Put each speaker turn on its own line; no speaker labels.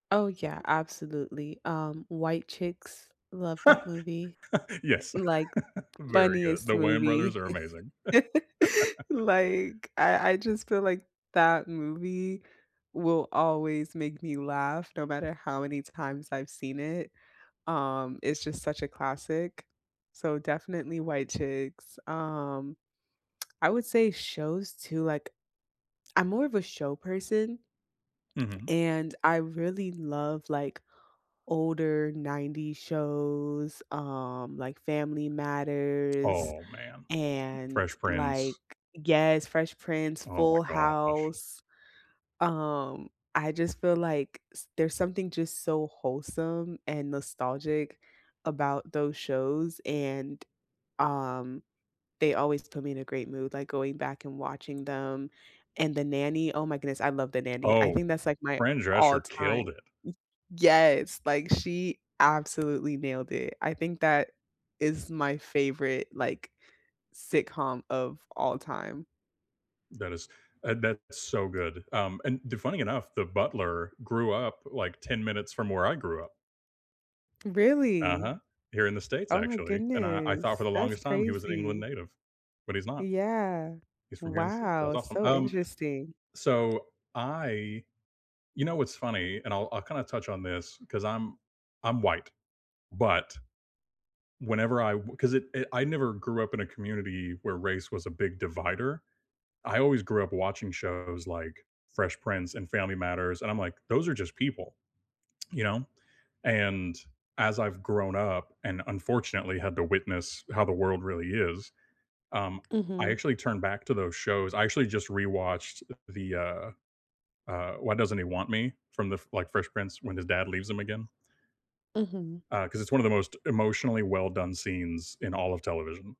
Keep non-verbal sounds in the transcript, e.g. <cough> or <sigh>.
Oh yeah, absolutely. Um, White Chicks, love that movie,
<laughs>
i
Yes,
like
<laughs> very good.
funniest
The Wayan brothers
movie.
are amazing.
<laughs>
<laughs>
Like, I I just feel like that movie will always make me laugh no matter how many times I've seen it, um, it's just such a classic, so definitely White Chicks. Um, I would say shows too like I'm more of a show person
Mhm.
and I really love, like, older 90s shows, um, like Family Matters,
Oh man.
and,
Fresh
like
Prince.
Yes, Fresh Prince,
Oh my
Full
gosh.
House, um, I just feel like s there's something just so wholesome and nostalgic about those shows, and um, they always put me in a great mood, like, going back and watching them, and The Nanny, oh my goodness, I love The Nanny. I
Oh,
think that's like my
Fran
all
Drescher
time.
killed it.
Y Yes, like she absolutely nailed it, I think that is my favorite, like, sitcom of all time.
That is Uh, that's so good, um, and the funny enough, the butler grew up, like, 10 minutes from where I grew up.
Really?
Uh-huh, here in the states
Oh my
actually, and I I thought for
goodness.
the
That's
longest time he was an England
crazy.
native, but he's not.
Yeah.
He's from here in the states. That's
Wow,
awesome.
so
Um,
interesting.
so I You know, what's funny, and I'll I'll kinda touch on this 'cause I'm I'm white, but whenever I w 'cause it it I never grew up in a community where race was a big divider. I always grew up watching shows like Fresh Prince and Family Matters, and I'm like, "Those are just people," you know, and as I've grown up and unfortunately had to witness how the world really is, um, I
Mhm.
actually turned back to those shows, I actually just rewatched, uh, the, uh uh, Why Doesn't He Want Me from the F like Fresh Prince when his dad leaves him again.
Mhm.
Uh, 'cause it's one of the most emotionally well done scenes in all of television.